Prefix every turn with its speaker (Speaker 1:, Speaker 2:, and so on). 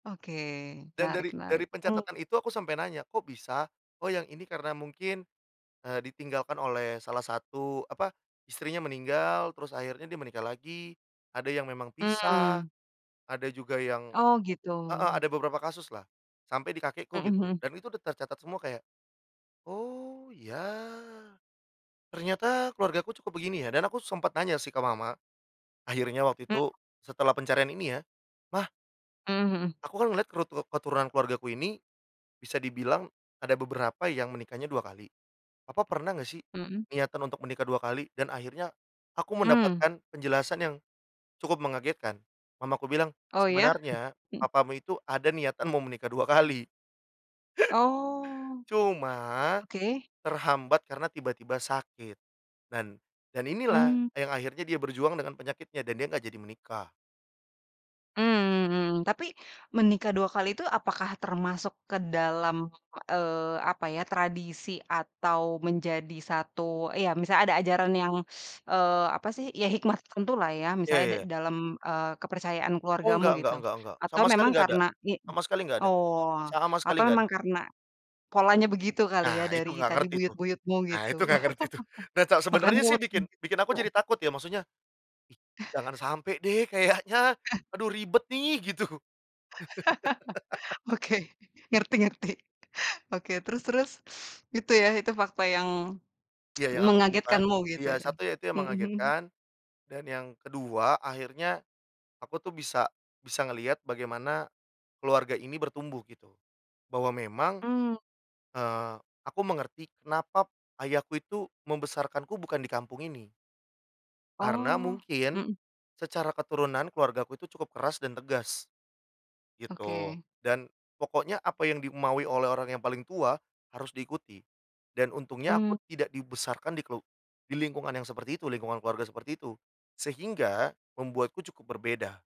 Speaker 1: Oke,
Speaker 2: Dan
Speaker 1: menarik
Speaker 2: dari dari
Speaker 1: menarik. Mhm.
Speaker 2: pencatatan itu aku sampai nanya, "Kok bisa?" Oh, yang ini karena mungkin, eee, ditinggalkan oleh salah satu, apa? Istrinya meninggal, terus akhirnya dia menikah lagi, ada yang memang pisah,
Speaker 1: Mmm.
Speaker 2: ada juga yang,
Speaker 1: Oh gitu.
Speaker 2: eee eee, ada beberapa kasus lah sampai di kakekku
Speaker 1: Mhm
Speaker 2: gitu,
Speaker 1: mhm.
Speaker 2: dan itu udah tercatat semua, kayak "Oh ya ternyata keluargaku cukup begini ya," dan aku sempet nanya sih ke mama, akhirnya waktu
Speaker 1: Mhm.
Speaker 2: itu setelah pencarian ini ya, "Mah
Speaker 1: Mhm mhm.
Speaker 2: aku kan ngeliat kerut keturunan keluargaku ini bisa dibilang ada beberapa yang menikahnya 2 kali. Papa pernah enggak sih
Speaker 1: Mhm.
Speaker 2: niatan untuk menikah 2 kali?" Dan akhirnya aku
Speaker 1: Mmm.
Speaker 2: mendapatkan penjelasan yang cukup mengagetkan. Mamaku bilang,
Speaker 1: Oh, ya.
Speaker 2: "Sebenarnya
Speaker 1: Mhm.
Speaker 2: papamu itu ada niatan mau menikah 2 kali.
Speaker 1: Oh.
Speaker 2: Cuma
Speaker 1: Oke
Speaker 2: terhambat karena tiba-tiba sakit. Dan dan inilah
Speaker 1: Mmm.
Speaker 2: yang akhirnya dia berjuang dengan penyakitnya dan dia enggak jadi menikah."
Speaker 1: Mmm mmm, tapi menikah 2 kali itu apakah termasuk ke dalam, [unintelligible] eee, apa ya, tradisi atau menjadi satu, ya misal ada ajaran yang, eee, apa sih, ya hikmah tertentulah ya,
Speaker 2: Iya
Speaker 1: misalnya da
Speaker 2: iya.
Speaker 1: dalam, eee, kepercayaan
Speaker 2: Oh
Speaker 1: keluargamu
Speaker 2: enggak enggak
Speaker 1: gitu
Speaker 2: enggak enggak,
Speaker 1: atau
Speaker 2: sama
Speaker 1: memang
Speaker 2: sekali enggak ada
Speaker 1: karena, nih b
Speaker 2: sama sekali enggak ada
Speaker 1: oh atau memang karena
Speaker 2: sama
Speaker 1: ye, oh. a
Speaker 2: sekali
Speaker 1: atau
Speaker 2: enggak
Speaker 1: memang
Speaker 2: ada.
Speaker 1: karena polanya begitu kali ya
Speaker 2: Nah, itu
Speaker 1: dari
Speaker 2: enggak
Speaker 1: tadi,
Speaker 2: ngerti tuh
Speaker 1: buyut-buyutmu
Speaker 2: nah
Speaker 1: gitu?
Speaker 2: itu enggak ngerti tuh. Nah ca
Speaker 1: Makan
Speaker 2: sebenernya sih
Speaker 1: mood,
Speaker 2: bikin, bikin aku
Speaker 1: gitu.
Speaker 2: jadi takut ya, maksudnya jangan sampe deh kayaknya, aduh ribet nih, gitu.
Speaker 1: Oke. Ngerti ngerti, oke, terus terus? Itu ya, itu fakta yang
Speaker 2: Iya yang aku temukan,
Speaker 1: mengagetkanmu, gitu
Speaker 2: iya
Speaker 1: ya.
Speaker 2: 1 ya itu yang
Speaker 1: Mhm mhm.
Speaker 2: mengagetkan dan yang kedua akhirnya aku tuh bisa, bisa ngelihat bagaimana keluarga ini bertumbuh, gitu. Bahwa memang,
Speaker 1: Mmm.
Speaker 2: eee, aku mengerti kenapa p ayahku itu membesarkanku bukan di kampung ini. Karena
Speaker 1: Oh.
Speaker 2: mungkin
Speaker 1: Mhm.
Speaker 2: secara keturunan keluargaku itu cukup keras dan tegas, gitu.
Speaker 1: Oke.
Speaker 2: Dan pokoknya apa yang dimaui oleh orang yang paling tua harus diikuti. Dan untungnya
Speaker 1: Mmm.
Speaker 2: aku tidak dibesarkan di kelu di lingkungan yang seperti itu, lingkungan keluarga seperti itu. Sehingga membuatku cukup berbeda.